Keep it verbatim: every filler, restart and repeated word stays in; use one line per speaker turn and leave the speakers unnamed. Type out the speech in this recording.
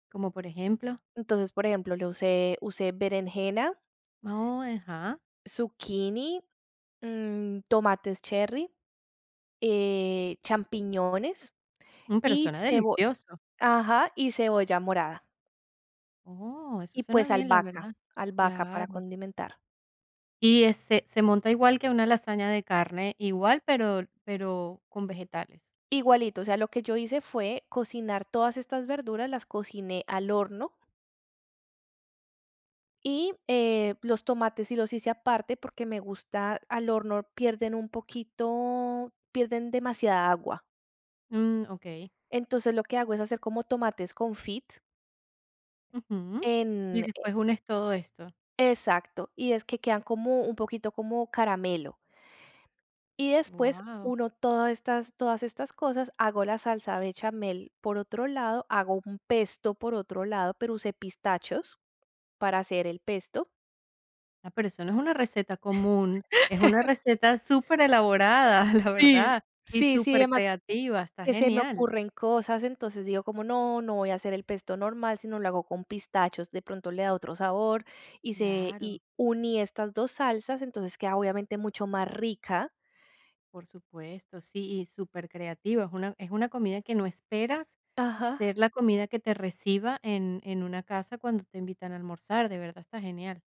¿Cómo por ejemplo?
Entonces, por ejemplo, le usé usé berenjena
Oh, ajá.
zucchini, mm, tomates cherry, eh, champiñones
Mm, pero
y
suena
cebo
delicioso.
ajá, y cebolla morada.
Oh, eso
Y,
suena
pues,
bien, la
albahaca.
verdad,
Albahaca para
claro.
condimentar.
Y ese se monta igual que una lasaña de carne, igual, pero pero con vegetales.
Igualito, o sea, lo que yo hice fue cocinar todas estas verduras, las cociné al horno. Y, eh, los tomates sí los hice aparte porque me gusta al horno pierden un poquito, pierden demasiada agua.
Mm, okey.
Entonces, lo que hago es hacer como tomates confit.
Ujú, y
En Eh
después unes todo esto.
Exacto, y es que quedan como un poquito como caramelo. Y después
Guau.
uno todo estas todas estas cosas, hago la salsa bechamel por otro lado, hago un pesto por otro lado, pero usé pistachos para hacer el pesto.
Ah, pero eso no es una receta común, es una receta superelaborada, la
Sí,
verdad, y
sí, sí, demás,
supercreativa, está
que se me
genial.
ocurren cosas, entonces digo como: "No, no voy a hacer el pesto normal, sino lo hago con pistachos, de pronto le da otro sabor". Y se
Claro.
y uní estas dos salsas, entonces queda, obviamente, mucho más rica.
Por supuesto, sí, y supercreativo. Es una es una comida que no esperas ser
Ajá.
la comida que te reciba en en una casa cuando te invitan a almorzar, de verdad está genial.